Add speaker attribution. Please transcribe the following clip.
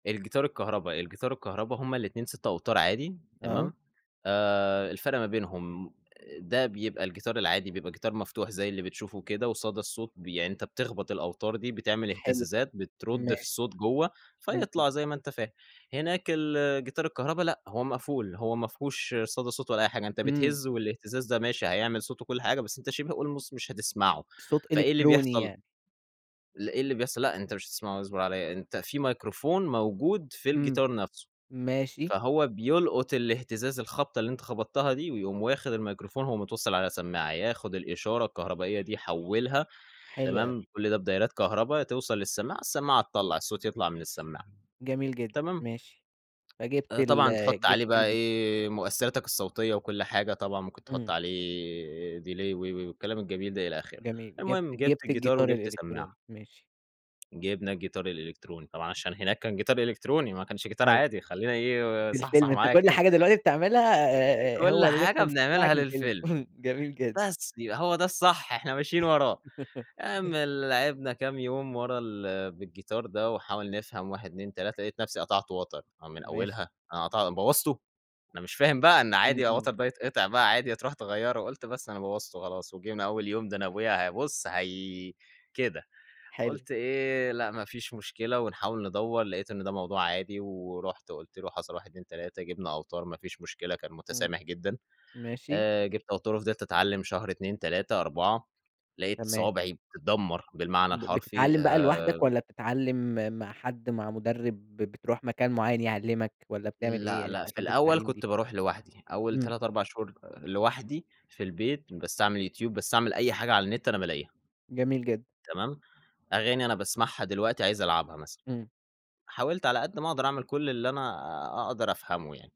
Speaker 1: الجيتار الكهربا، الجيار الكهربا، هُم الاتنين 6 أوتارعادي،
Speaker 2: آه.
Speaker 1: تمام؟ آآ الفرق ما بينهم آآ، ده بيبقى الجيتار العادي، بيبقى جيتار مفتوح زي اللي بتشوفه وكده وصدى الصوت ب يعني أنت بتخبَط الأوتار دي، بتعمل
Speaker 2: حلو، [unintelligible]
Speaker 1: إهتزازات، بترُد في
Speaker 2: ماشي.
Speaker 1: الصوت جوَّه
Speaker 2: إمم، امم.
Speaker 1: فيطلَع، زي ما أنت فاهم. هناك الجيتار الكهربا لأ، هو مقفول، هو ما فيهوش صدى صوت ولا أي حاجة، أنت
Speaker 2: إمم.
Speaker 1: بتهز والإهتزاز ده ماشي، هيعمل صوت وكل حاجة بس أنت شِبه almost مش هتسمَعه،
Speaker 2: الصوت
Speaker 1: فإيه اللي
Speaker 2: إلكتروني
Speaker 1: بيحصَل؟
Speaker 2: يعني.
Speaker 1: ل إيه اللي إيه اللي بيحصَل، لأ أنت مش هتسمَعه، اصبُر عليَّ، أنت في مايكروفون موجود في
Speaker 2: إمم.
Speaker 1: الجيتار نفْسه،
Speaker 2: ماشي.
Speaker 1: فهو بيلقُط الإهتزاز، الخبطة اللي أنت خبَطتها دي، ويقوم واخد المايكروفون، هو متوصّل على سمّاعة، ياخد الإشارة الكهربائية دي يحوّلها،
Speaker 2: حلو أوي.
Speaker 1: تمام؟ كل ده بدايرات كهربا توصَل للسماعة، السماعة تطلّع، الصوت يطلَع من السماعة،
Speaker 2: جميل جدًا،
Speaker 1: تمام؟
Speaker 2: ماشي. فجِبت
Speaker 1: آآ،
Speaker 2: ال
Speaker 1: طبعًا تحُط
Speaker 2: جِبت
Speaker 1: عليه بقى
Speaker 2: الجيت
Speaker 1: إيه، مؤثِّراتك الصوتية وكل حاجة، طبعًا ممكن تحط
Speaker 2: إمم.
Speaker 1: عليه delay و و والكلام الجميل ده، إلى آخِره.
Speaker 2: جميل، جِبت
Speaker 1: المهم، جِبت
Speaker 2: جِبت
Speaker 1: الجيتار
Speaker 2: الجيتار
Speaker 1: وجِبت
Speaker 2: الإلكتروني.
Speaker 1: سمّاعة.
Speaker 2: ماشي.
Speaker 1: جِبنا الجيتار الإلكتروني. طبعًا عشان هناك كان جيتار إلكتروني ما كانش جيتار
Speaker 2: أيوة.
Speaker 1: عادي، خلّينا إيه،
Speaker 2: في الفيلم،
Speaker 1: صحصح
Speaker 2: أنت
Speaker 1: معايا
Speaker 2: كل
Speaker 1: كده،
Speaker 2: حاجة دلوقتي بتعملها
Speaker 1: آآ،
Speaker 2: آآ، آآ،
Speaker 1: كلّ
Speaker 2: هو
Speaker 1: حاجة
Speaker 2: الreference
Speaker 1: بنعملها
Speaker 2: بتاعك الفيلم،
Speaker 1: للفيلم،
Speaker 2: جميل جدًا.
Speaker 1: بس يبقى هو ده الصح، إحنا ماشيين وراه، اعمل لعِبنا كام يوم ورا ال بالجيتار ده ونحاول نفهم 1، 2، 3 لقيت نفْسي قطَعت وَتر، هو من
Speaker 2: ماشي.
Speaker 1: أوّلها، أنا قطَع بوّظته! أنا مش فاهم بقى إن
Speaker 2: إمم،
Speaker 1: عادي الوَتر
Speaker 2: إمم.
Speaker 1: ده يتقَطع بقى، عادي هترُوح تغيّره وقُلت بس أنا بوّظته خلاص، وجينا أول يوم ده أنا أبويا هي بُصّ، هي كده.
Speaker 2: حلو.
Speaker 1: قُلت إيه، لأ، ما فيش مشكلة ونحاول ندوّر، لقيت إن ده موضوع عادي ورُحت قُلت له حصَل 1، 2، 3 جِبنا أوتار ما فيش مشكلة، كان
Speaker 2: إمم.
Speaker 1: مُتسامح جدًا،
Speaker 2: ماشي.
Speaker 1: آآ، جِبت أوتار وفضِلت أتعلِّم شهر، 2، 3، 4 لقيت
Speaker 2: تمام.
Speaker 1: صوابعي بتدمّر بالمعنى
Speaker 2: ب
Speaker 1: الحرفي
Speaker 2: بتتعلّم بقى لوحدك
Speaker 1: آآ
Speaker 2: والّا بتتعلّم مع حد، مع مُدرِّب، بتروح مكان معيّن يعلّمك والّا بتعمل إيه
Speaker 1: لأ،
Speaker 2: يعني في
Speaker 1: لأ، في
Speaker 2: مرحلة
Speaker 1: الأول
Speaker 2: التعليم دي؟
Speaker 1: كنت بارُوح لوحدي، أول
Speaker 2: إمم.
Speaker 1: 3، 4 شهور لوحدي في البيت، باستعمل يوتيوب، باستعمل أي حاجة على النت أنا بالاقيها.
Speaker 2: جميل جدًا.
Speaker 1: تمام، أغاني أنا باسمَعها دلوقتي، عايز ألعبها مثلًا،
Speaker 2: إمم.
Speaker 1: حاولت على قد ما أقدَر أعمل كل اللي أنا أقدَر أفهَمه يعني.